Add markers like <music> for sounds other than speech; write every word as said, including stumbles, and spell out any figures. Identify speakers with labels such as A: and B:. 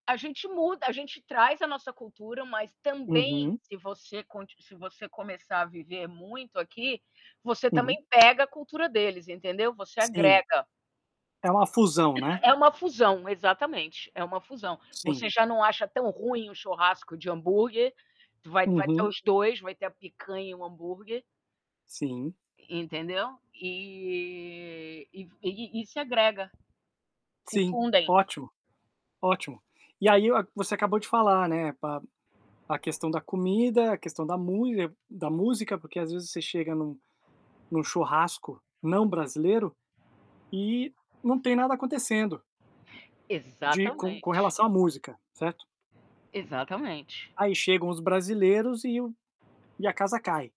A: A gente muda, a gente traz a nossa cultura, mas também
B: Uhum.
A: se você con se você começar a viver muito aqui, você
B: Uhum.
A: também pega a cultura deles, entendeu, você
B: Sim.
A: agrega.
B: É uma fusão,
A: <coughs>
B: né.
A: É uma fusão. Exatamente, é uma fusão. Você
B: Sim.
A: já não acha tão ruim um churrasco de hambúrguer. Tu vai vai ter
B: Uhum.
A: os dois, vai ter a picanha e o hambúrguer.
B: Sim.
A: Entendeu? E e f e e se agrega, se
B: Sim.
A: fundem.
B: Ótimo. Ótimo. E aí, é o você acabou de falar, né, pa a questão da comida, a questão da mule da música. Porque, às vezes, você chega num num churrasco não brasileiro, e não tem nada acontecendo. De com com
A: Exatamente.
B: relação à música, certo?
A: Exatamente.
B: Aí, chegam os brasileiros e o e a casa cai.